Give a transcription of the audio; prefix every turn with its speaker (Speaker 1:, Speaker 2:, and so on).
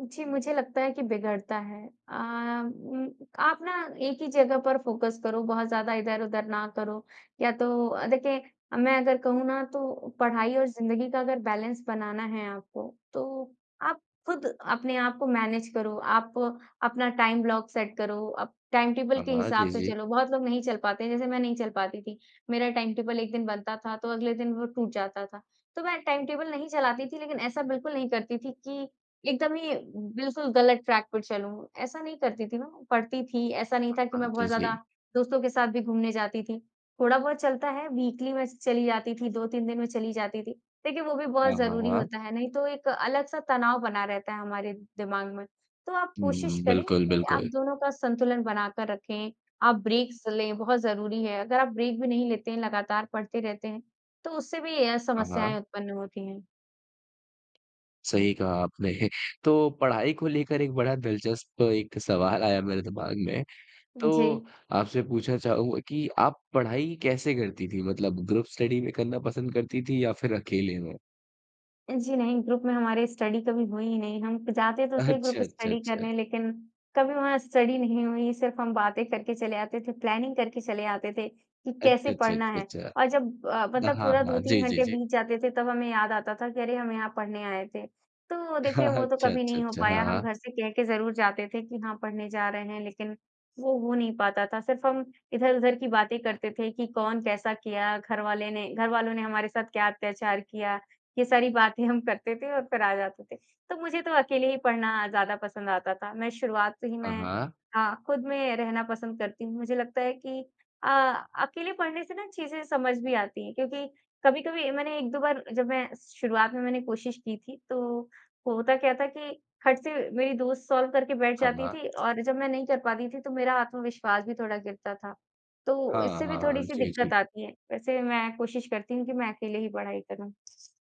Speaker 1: जी, मुझे लगता है कि बिगड़ता है। अ, उम, आप ना एक ही जगह पर फ़ोकस करो, बहुत ज़्यादा इधर-उधर ना करो या तो अ, देखिए मैं अगर कहूँ ना तो पढ़ाई और ज़िंदगी का अगर बैलेंस बनाना है आपको तो आप ख़ुद अपने आप को मैनेज करो। आप अपना टाइम ब्लॉक सेट करो, आप टाइम टेबल
Speaker 2: हाँ,
Speaker 1: के
Speaker 2: हाँ।
Speaker 1: हिसाब
Speaker 2: जी,
Speaker 1: से
Speaker 2: जी।
Speaker 1: चलो, बहुत लोग नहीं चल पाते हैं जैसे मैं नहीं चल पाती थी। मेरा टाइम टेबल एक दिन बनता था तो अगले दिन वो टूट जाता था। तो मैं टाइम टेबल नहीं चलाती थी लेक़िन ऐसा बिल्कुल नहीं करती थी कि एकदम ही बिल्कुल ग़लत ट्रैक पर चलूँ। ऐसा नहीं करती थी मैं, पढ़ती थी, ऐसा नहीं
Speaker 2: हाँ,
Speaker 1: था कि
Speaker 2: हाँ।
Speaker 1: मैं
Speaker 2: जी,
Speaker 1: बहुत ज़्यादा
Speaker 2: जी।
Speaker 1: दोस्तों के साथ भी घूमने जाती थी। थोड़ा बहुत चलता है वीकली में चली जाती थी, 2-3 दिन में चली जाती थी। देखिए वो भी बहुत
Speaker 2: हाँ, हाँ,
Speaker 1: ज़रूरी
Speaker 2: हाँ।
Speaker 1: होता है, नहीं तो एक अलग-सा तनाव बना रहता है हमारे दिमाग़ में। तो आप कोशिश
Speaker 2: उहुँ,
Speaker 1: करें
Speaker 2: बिल्कुल,
Speaker 1: कि आप
Speaker 2: बिल्कुल।
Speaker 1: दोनों का संतुलन बना कर रखें। आप ब्रेक्स लें बहुत ज़रूरी है। अगर आप ब्रेक भी नहीं लेते हैं लगातार पढ़ते रहते हैं तो उससे भी अ,
Speaker 2: हाँ,
Speaker 1: समस्याएँ
Speaker 2: हाँ।
Speaker 1: उत्पन्न होती हैं।
Speaker 2: सही कहा आपने तो, पढ़ाई को लेकर एक बड़ा दिलचस्प एक सवाल आया मेरे दिमाग़ में। तो
Speaker 1: जी।
Speaker 2: आपसे पूछना चाहूँगा कि आप पढ़ाई कैसे करती थीं? मतलब ग्रुप स्टडी में करना पसंद करती थीं या फिर अकेले में?
Speaker 1: जी नहीं, ग्रुप में हमारे स्टडी कभी हुई ही नहीं। हम जाते तो थे ग्रुप
Speaker 2: अच्छा, अच्छा,
Speaker 1: स्टडी
Speaker 2: अच्छा।
Speaker 1: करने लेक़िन कभी वहाँ स्टडी नहीं हुई सिर्फ़ हम बातें करके चले आते थे, प्लानिंग करके चले आते थे कि कैसे
Speaker 2: अच्छा, अच्छा,
Speaker 1: पढ़ना
Speaker 2: अच्छा,
Speaker 1: है और
Speaker 2: अच्छा।
Speaker 1: जब अ,
Speaker 2: हाँ,
Speaker 1: मतलब
Speaker 2: हाँ,
Speaker 1: पूरा दो
Speaker 2: हाँ।
Speaker 1: तीन
Speaker 2: जी, जी,
Speaker 1: घंटे
Speaker 2: जी।
Speaker 1: बीत जाते थे तब हमें याद आता था कि अरे हम यहाँ पढ़ने आए थे। तो
Speaker 2: हाँ,
Speaker 1: देखिए,
Speaker 2: हाँ।
Speaker 1: वो तो
Speaker 2: अच्छा,
Speaker 1: कभी
Speaker 2: अच्छा,
Speaker 1: नहीं हो
Speaker 2: अच्छा।
Speaker 1: पाया
Speaker 2: हाँ,
Speaker 1: हम
Speaker 2: हाँ।
Speaker 1: घर से कह के ज़रूर जाते थे कि हाँ पढ़ने जा रहे हैं लेकिन वो हो नहीं पाता था। सिर्फ़ हम इधर-उधर की बातें करते थे कि कौन कैसा किया, घरवाले ने घरवालों ने हमारे साथ क्या अत्याचार किया। ये सारी बातें हम करते थे और फ़िर आ जाते थे। तो मुझे तो अकेले ही पढ़ना ज़्यादा पसंद आता था। मैं शुरुआत से ही
Speaker 2: हाँ,
Speaker 1: मैं
Speaker 2: हाँ।
Speaker 1: हाँ, ख़ुद में रहना पसंद करती हूँ। मुझे लगता है कि अ अकेले पढ़ने से ना चीज़ें समझ भी आती हैं क्योंकि कभी-कभी मैंने 1-2 बार जब मैं शुरुआत में मैंने कोशिश की थी तो होता क्या था कि खट से मेरी दोस्त सॉल्व करके बैठ
Speaker 2: हाँ,
Speaker 1: जाती
Speaker 2: हाँ।
Speaker 1: थी। और जब मैं नहीं कर पाती थी तो मेरा आत्मविश्वास भी थोड़ा गिरता था तो
Speaker 2: हाँ,
Speaker 1: इससे भी
Speaker 2: हाँ।
Speaker 1: थोड़ी-सी
Speaker 2: जी, जी।
Speaker 1: दिक़्क़त आती है। वैसे मैं कोशिश करती हूँ कि मैं अकेले ही पढ़ाई करूँ।